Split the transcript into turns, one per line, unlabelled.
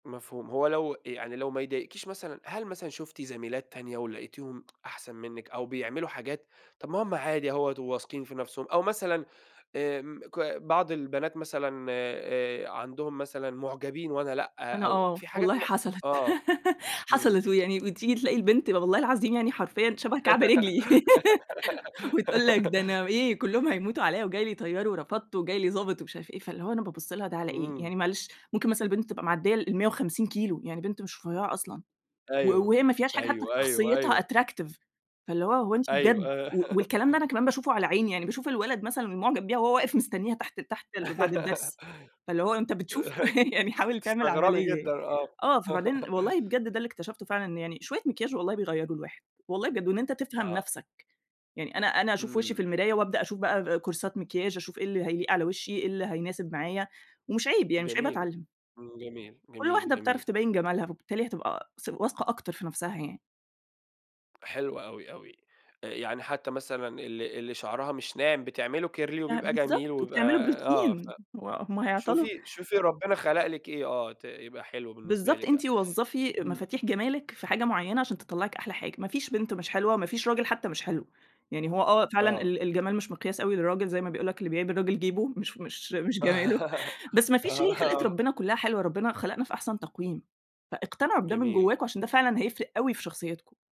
مفهوم. هو لو يعني لو ما يضايقكيش مثلًا، هل مثلًا شُفتِ زميلات تانية ولقيتيهم أحسن منِّك، أو بيعملوا حاجات، طب ما هم عادي أهوّة، وواثقين في نفسهم، أو مثلًا آمم ك بعض البنات مثلًا آآ عندهم مثلًا معجبين وأنا لأ،
أنا
أو
آه،
في حاجات م
والله حصلت
آه. إمم.
حصلت ويعني وتيجي تلاقي البنت والله العظيم يعني حرفيًا شبه كعب رجلي. وتقول لك ده أنا إيه، كلّهم هيموتوا عليّا، وجاي لي طيار ورفضته، وجاي لي ضابط ومش عارف إيه، فاللي هو أنا بابُص لها ده على إيه؟
إمم.
يعني معلش ممكن مثلًا البنت تبقى معدية ال150 كيلو، يعني بنت مش رُفيعة أصلًا. و
أيوه.
وهي ما فيهاش حاجة حتّى في
أيوه، أيوه،
شخصيتها
أيوه.
attractive فاللي هو، هو أنتِ بجد.
أيوه.
و والكلام ده أنا كمان باشوفه على عيني، يعني باشوف الولد مثلًا اللي معجب بيها وهو واقف مستنيها تحت تحت ال بعد الدرس. فاللي هو أنت بتشوف يعني حاول تعمل
تستغربي
عمليّة
جدًا
يعني
آه.
آه. فبعدين والله بجد ده اللي اكتشفته فعلًا، يعني شويّة مكياچ والله بيغيّروا الواحد. والله بجد وإن أنت تفهم
آه.
نفسك، يعني أنا أنا أشوف وشي
إمم.
في المراية، وابدأ اشوف بقى كورسات مكياچ، أشوف إيه اللي هيليق على وشي، إيه اللي هيناسب معايا، ومش عيب يعني مش عيب
جميل.
اتعلّم.
إمم جميل،
كل
جميل،
واحدة بتعرف
جميل.
تبيّن جمالها، فبالتالي هتبقى ث واثقة أكتر في نفسها يعني.
حلو أوي أوي. يعني حتّى مثلًا ال اللي شعرها مش ناعم بتعمله كيرلي
آه
وبيبقى جميل
بالضبط،
وبيبقى
وبتعملوا
آه ف
بروتين. هو هم هيعطلوا.
شوفي شوفي ربنا خلق لِك إيه، آه ت يبقى حلو بالنسبة
بالضبط،
لِك يع
أنتِ وظّفي
إمم.
مفاتيح جمالِك في حاجة معيّنة عشان تطلّعِك أحلى حاجة. ما فيش بنت مش حلوة وما فيش راجل حتّى مش حلو. يعني هو آه فعلًا
آه.
ال الجمال مش مقياس أوي للراجل زي ما بيقول لك، اللي بيعيب الراجل جيبه، مش ف مش مش جماله. بس ما فيش
آه،
هي خلقة
آه.
ربنا كلّها حلوة. ربنا خلقنا في أحسن تقويم. فاقتنعوا بده من
جميل.
جواكم، عشان ده فعلًا هيفرق أوي في شخصيتكم.